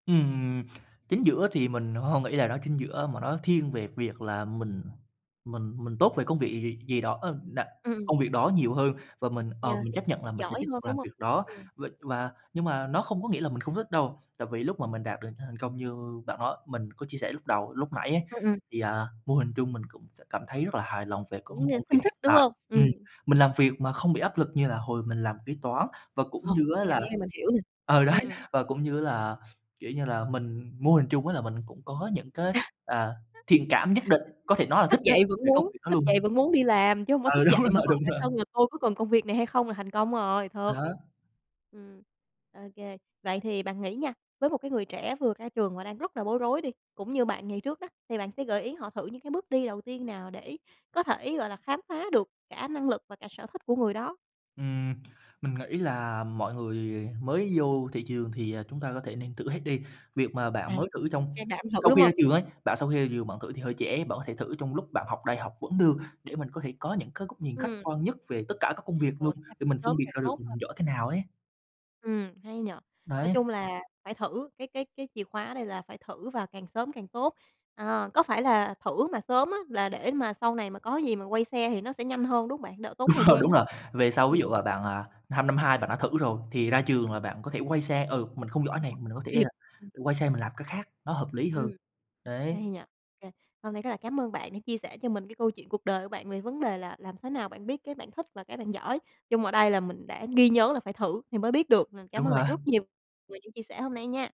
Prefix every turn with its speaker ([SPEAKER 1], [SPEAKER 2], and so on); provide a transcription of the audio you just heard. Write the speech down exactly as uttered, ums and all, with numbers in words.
[SPEAKER 1] Ừm, chính giữa thì mình h hông nghĩ là nó chính giữa, mà nó thiên về việc là mình mình mình tốt về công việc gì gì gì đó, ờm, nà
[SPEAKER 2] Ừm.
[SPEAKER 1] công việc đó nhiều hơn và mình, ờ,
[SPEAKER 2] Yeah,
[SPEAKER 1] mình chấp nhận là
[SPEAKER 2] [unintelligible]
[SPEAKER 1] mình sẽ
[SPEAKER 2] giỏi
[SPEAKER 1] tiếp
[SPEAKER 2] hơn,
[SPEAKER 1] tục
[SPEAKER 2] đúng
[SPEAKER 1] làm
[SPEAKER 2] hông?
[SPEAKER 1] việc đó,
[SPEAKER 2] Ừm.
[SPEAKER 1] v và nhưng mà nó không có nghĩa là mình không thích đâu. Tại vì lúc mà mình đạt được những thành công như bạn nó mình có chia sẻ lúc đầu, lúc nãy ấy,
[SPEAKER 2] Ừm, ừm.
[SPEAKER 1] thì, à, mô hình chung mình cũng sẽ cảm thấy rất là hài lòng về công
[SPEAKER 2] Cũng như
[SPEAKER 1] công việc
[SPEAKER 2] thân thích,
[SPEAKER 1] hiện
[SPEAKER 2] đúng
[SPEAKER 1] tại.
[SPEAKER 2] hông? Ừm.
[SPEAKER 1] Ừm, mình làm việc mà không bị áp lực như là hồi mình làm kế toán, và cũng
[SPEAKER 2] Ờ,
[SPEAKER 1] như á
[SPEAKER 2] cái cảm
[SPEAKER 1] là
[SPEAKER 2] giác này mình hiểu nè.
[SPEAKER 1] ừ, đấy,
[SPEAKER 2] Ừm, ừm.
[SPEAKER 1] và cũng như là, kiểu như là, mình mô hình chung á, là mình cũng có những cái, à, thiện cảm nhất định, có thể nói là
[SPEAKER 2] Thức
[SPEAKER 1] thích ấy,
[SPEAKER 2] dậy vẫn
[SPEAKER 1] về công
[SPEAKER 2] muốn
[SPEAKER 1] việc đó
[SPEAKER 2] thức dậy
[SPEAKER 1] luôn.
[SPEAKER 2] vẫn muốn đi làm, chứ hông có
[SPEAKER 1] Ừ, đúng
[SPEAKER 2] thức dậy mà
[SPEAKER 1] [unintelligible]
[SPEAKER 2] hỏi
[SPEAKER 1] đúng
[SPEAKER 2] bản
[SPEAKER 1] rồi.
[SPEAKER 2] thân là "Tôi có cần công việc này hay không?" là thành công rồi,
[SPEAKER 1] À
[SPEAKER 2] thật.
[SPEAKER 1] há.
[SPEAKER 2] Ừm, ô kê. Vậy thì bạn nghĩ nha, với một cái người trẻ vừa ra trường và đang rất là bối rối đi, cũng như bạn ngày trước đó, thì bạn sẽ gợi ý họ thử những cái bước đi đầu tiên nào để có thể, gọi là, khám phá được cả năng lực và cả sở thích của người đó?
[SPEAKER 1] Ừm, mình nghĩ là mọi người mới vô thị trường thì, à, chúng ta có thể nên thử hết đi. Việc mà bạn
[SPEAKER 2] À,
[SPEAKER 1] mới thử trong
[SPEAKER 2] can đảm thử,
[SPEAKER 1] sau
[SPEAKER 2] đúng
[SPEAKER 1] khi ra
[SPEAKER 2] hông?
[SPEAKER 1] trường ấy, bạn sau khi ra trường bạn thử thì hơi trễ, bạn có thể thử trong lúc bạn học đại học vẫn được, để mình có thể có những cái góc nhìn khách
[SPEAKER 2] Ừm.
[SPEAKER 1] quan nhất về tất cả các công việc
[SPEAKER 2] Ồ,
[SPEAKER 1] luôn,
[SPEAKER 2] [unintelligible]
[SPEAKER 1] để
[SPEAKER 2] càng
[SPEAKER 1] mình phân
[SPEAKER 2] sớm
[SPEAKER 1] biệt
[SPEAKER 2] càng
[SPEAKER 1] ra được
[SPEAKER 2] tốt
[SPEAKER 1] là
[SPEAKER 2] ha?
[SPEAKER 1] mình giỏi cái nào ấy.
[SPEAKER 2] Ừm, hay nhỉ? Nói
[SPEAKER 1] Đấy.
[SPEAKER 2] chung là phải thử, cái cái cái chìa khóa ở đây là phải thử và càng sớm càng tốt. Ờ, có phải là thử mà sớm á là để mà sau này mà có gì mà quay xe thì nó sẽ nhanh hơn, đúng hông bạn? Đỡ tốn thời
[SPEAKER 1] Ờ,
[SPEAKER 2] gian
[SPEAKER 1] đúng
[SPEAKER 2] á.
[SPEAKER 1] rồi, về sau
[SPEAKER 2] Ừm,
[SPEAKER 1] ví dụ
[SPEAKER 2] ừm.
[SPEAKER 1] là bạn, à, hăm năm hai bạn đã thử rồi thì ra trường là bạn có thể quay xe, ừ, mình không giỏi này, mình có
[SPEAKER 2] [unintelligible]
[SPEAKER 1] thể là
[SPEAKER 2] Kịp, ừm.
[SPEAKER 1] quay xe mình làm cái khác, nó hợp lý
[SPEAKER 2] Ừm.
[SPEAKER 1] hơn, đấy.
[SPEAKER 2] Hay nhỉ? Kê, hôm nay rất là cám ơn bạn đã chia sẻ cho mình cái câu chuyện cuộc đời của bạn về vấn đề là làm thế nào bạn biết cái bạn thích và cái bạn giỏi. Chung ở đây là mình đã ghi nhớ là phải thử thì mới biết được, à, cám
[SPEAKER 1] Đúng
[SPEAKER 2] ơn
[SPEAKER 1] rồi.
[SPEAKER 2] bạn rất nhiều về những chia sẻ hôm nay nha.